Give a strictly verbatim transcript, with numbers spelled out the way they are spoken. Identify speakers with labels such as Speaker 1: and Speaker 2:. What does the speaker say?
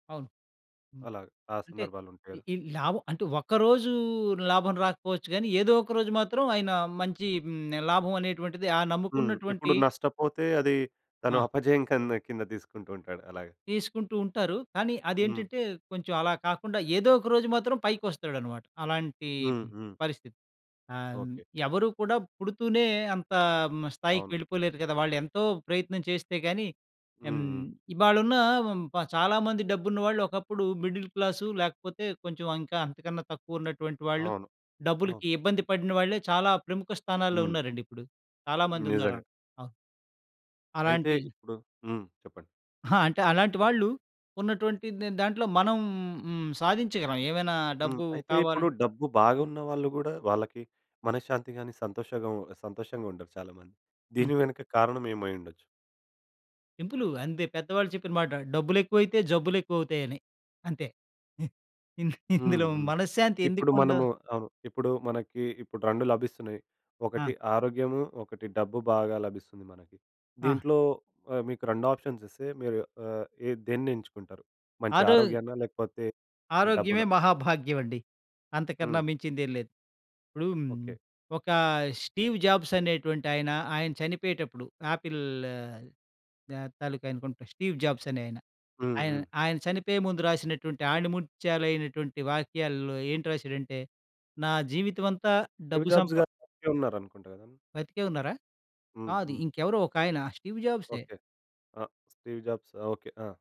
Speaker 1: అవును. హ్మ్,
Speaker 2: అలాగ ఆ
Speaker 1: అంటే ఈ
Speaker 2: సందర్భాలుంటేర
Speaker 1: ఈ లాభం అంటే ఒక్కరోజూ లాభం రాకపోవచ్చు గాని, ఏదోక రోజు మాత్రం ఆయన మంచి హ్మ్, లాభం అనేటువంటిది ఆ
Speaker 2: హ్మ్. ఇప్పుడు
Speaker 1: నమ్ముకున్నటువంటి
Speaker 2: నష్టపోతే అది తను
Speaker 1: ఆ!
Speaker 2: అపజయం కంద కింద తీసుకుంటూ ఉంటాడు అలాగ.
Speaker 1: తీసుకుంటూ ఉంటారు. కానీ
Speaker 2: హ్మ్.
Speaker 1: అదేంటంటే, కొంచెం అలా కాకుండా ఏదోక రోజు మాత్రం పైకొస్తాడు అనమాట. అలాంటి
Speaker 2: హ్మ్, హ్మ్.
Speaker 1: పరిస్థితి ఆహ్, హ్మ్,
Speaker 2: ఓకె.
Speaker 1: ఎవరు కూడా పుడుతూనే అంత హ్మ్, స్థాయికి
Speaker 2: అవును.
Speaker 1: వెళ్ళిపోలేరు కద. వాళ్ళెంతో ప్రయత్నం చేస్తే గాని హ్మ్,
Speaker 2: హ్మ్, హ్మ్.
Speaker 1: ఇవాలున్న వ హ్మ్, చాలా మంది డబ్బున్న వాళ్ళు ఒకప్పుడు మిడిల్ క్లాసు, లేకపోతే కొంచెం అంకా అంతకన్నా తక్కువున్నటువంటి వాళ్ళు.
Speaker 2: అవును. ఆ!
Speaker 1: డబ్బులకి ఇబ్బంది పడిన వాళ్ళే చాలా ప్రముఖ స్థానాల్లో
Speaker 2: హ్మ్.
Speaker 1: ఉన్నారండి ఇప్పుడు. చాలా మందున్నారు
Speaker 2: నిజంగ.
Speaker 1: అన్ అ
Speaker 2: అయితే,
Speaker 1: అలాంటి
Speaker 2: ఇప్పుడు హ్మ్. చెప్పండి.
Speaker 1: ఆ! అంటే అలాంటి వాళ్ళు, ఉన్నటువంటిద్ దాంట్లో మనం హ్మ్, సాధించగలం ఏవైనా
Speaker 2: హ్మ్.
Speaker 1: డబ్బు
Speaker 2: అయితే ఇప్పుడు
Speaker 1: కావాలన్
Speaker 2: డబ్బు బాగున్న వాళ్ళు గూడా, వాళ్ళకి మనశ్శాంతి గాని సంతోషంగా సంతోషంగుండరు చాలా మంది.
Speaker 1: హ్మ్.
Speaker 2: దీని వెనుక కారణమేమై ఉండొచ్చు.
Speaker 1: సింపులు అంతే. పెద్దవాళ్ళు చెప్పిన మాట డబ్బులెక్కువైతే, జబ్బులెక్కువ అవుతాయని అంతే.
Speaker 2: హ్మ్,
Speaker 1: ఇందులో
Speaker 2: హ్మ్.
Speaker 1: మనశ్శాంతి
Speaker 2: ఇప్పుడు
Speaker 1: ఎందుకుండ
Speaker 2: మనము అవును. ఇప్పుడు మనకీ ఇప్పుడు రెండు లభిస్తున్నాయి. ఒకటి
Speaker 1: ఆ!
Speaker 2: ఆరోగ్యము, ఒకటి డబ్బు బాగా లభిస్తుంది మనకి
Speaker 1: ఆ!
Speaker 2: దీంట్లో మీకు రెండు ఆప్షన్స్ ఇస్తే మీరు ఆహ్, ఏహ్, దేన్నేంచుకుంటారు? మంచి
Speaker 1: ఆ రో
Speaker 2: ఆరోగ్యాన్నా లేకపోతే,
Speaker 1: ఆరోగ్యమే
Speaker 2: డబ్బునా?
Speaker 1: మహాభాగ్యవండి. అంతకన్నా
Speaker 2: హ్మ్.
Speaker 1: మించిందేం లేదు. ఇప్పుడు హ్మ్,
Speaker 2: ఓకె.
Speaker 1: ఒకా స్టీవ్ జాబ్స్ అనేటువంటాయన, ఆయన చనిపోయేటప్పుడు ఆపిల్ ఆహ్, తాలూకా అనుకుంటా. స్టీవ్ జాబ్స్ అనే ఆయన.
Speaker 2: హ్మ్,
Speaker 1: ఆయన
Speaker 2: హ్మ్.
Speaker 1: ఆయన చనిపోయే ముందు రాసినటువంటి ఆణిముత్యాలైనటువంటి వాక్యాల్లో ఏంటి రాసాడంటే, నా జీవితమంతా
Speaker 2: స్టీవ్
Speaker 1: డబ్బు సంప
Speaker 2: జాబ్స్ గారు బ్రతికే ఉన్నారనుకుంటా గద.
Speaker 1: బతికే ఉన్నారా?
Speaker 2: హ్మ్,
Speaker 1: కాదు
Speaker 2: హ్మ్.
Speaker 1: ఇంకెవరో ఒకాయన స్టీవ్ జాబ్సే.
Speaker 2: ఓకె. అ! Steve Jobs okay. ఆ!